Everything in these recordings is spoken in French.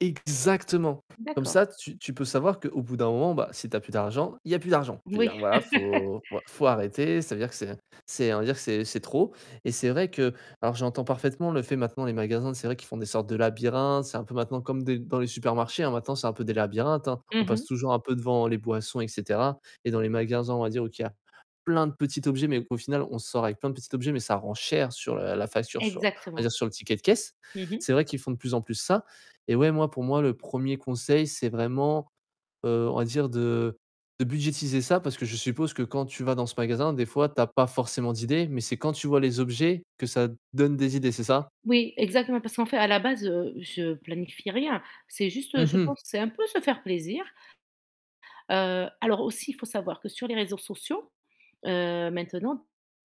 Exactement. Comme D'accord. ça, tu tu peux savoir qu'au bout d'un moment, bah si tu as plus d'argent, il y a plus d'argent. Je veux dire Oui. voilà, faut faut arrêter. Ça veut dire que c'est c'est on va dire c'est c'est trop et c'est vrai que alors j'entends parfaitement le fait maintenant les magasins c'est vrai qu'ils font des sortes de labyrinthes, c'est un peu maintenant comme des dans les supermarchés, hein, maintenant c'est un peu des labyrinthes, hein. On Mmh passe mh. toujours un peu devant les boissons et cetera et dans les magasins, on va dire où tu as plein de petits objets, mais au final, on sort avec plein de petits objets, mais ça rend cher sur, heu, la facture, sur on va Exactement. dire sur le ticket de caisse. Mmh mh. C'est vrai qu'ils font de plus en plus ça et ouais, moi, pour moi, le 1ᵉʳ conseil, c'est vraiment, heu, on va dire de, heu, de budgétiser ça. Parce que je suppose que quand tu vas dans ce magasin, des fois, tu as pas forcément d'idées, mais c'est quand tu vois les objets que ça donne des idées, c'est ça? Oui, exactement, parce qu'en fait à la base, heu, je planifie rien, c'est juste, heu, Mmh je mh. pense, c'est un peu se faire plaisir. Heu, alors aussi il faut savoir que sur les réseaux sociaux, heu, maintenant de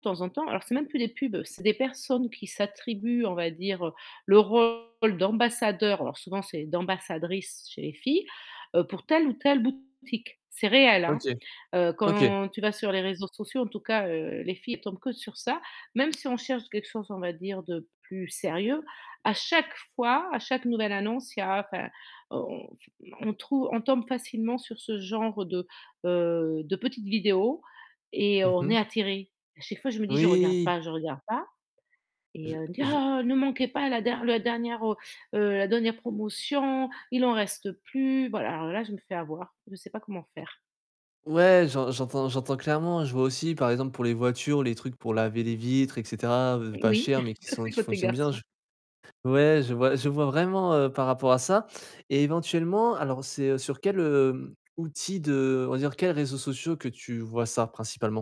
temps en temps alors c'est même plus des pubs, c'est des personnes qui s'attribuent, on va dire, heu, le rôle d'ambassadeur, alors souvent c'est d'ambassadrice chez les filles, heu, pour telle ou telle boutique, c'est réel, hein. OK, Heu, OK. quand tu vas sur les réseaux sociaux en tout cas, heu, les filles tombent que sur ça, même si on cherche quelque chose, on va dire de plus sérieux, à chaque fois, à chaque nouvelle annonce, il y a, enfin, on on trouve on tombe facilement sur ce genre de, heu, de petites vidéos et Mmh on mh. est attiré. À chaque fois je me dis: «Je regarde Oui. pas, je regarde pas», et Je heu, elle me dit: je «Oh, ne manquez pas la der le dernière, heu heu, la dernière promotion, il en reste plus, voilà». Bah alors là, je me fais avoir, je sais pas comment faire. Ouais, j'en j'entends j'entends clairement. Je vois aussi, par exemple, pour les voitures, les trucs pour laver les vitres, et cetera, heu, pas Oui, cher, mais qui ça sont c'est qui côté fonctionnent bien, je garçon. Ouais, je vois je vois vraiment, heu, par rapport à ça, et éventuellement, alors c'est sur quel, heu, outil de on va dire quels réseaux sociaux que tu vois ça, principalement?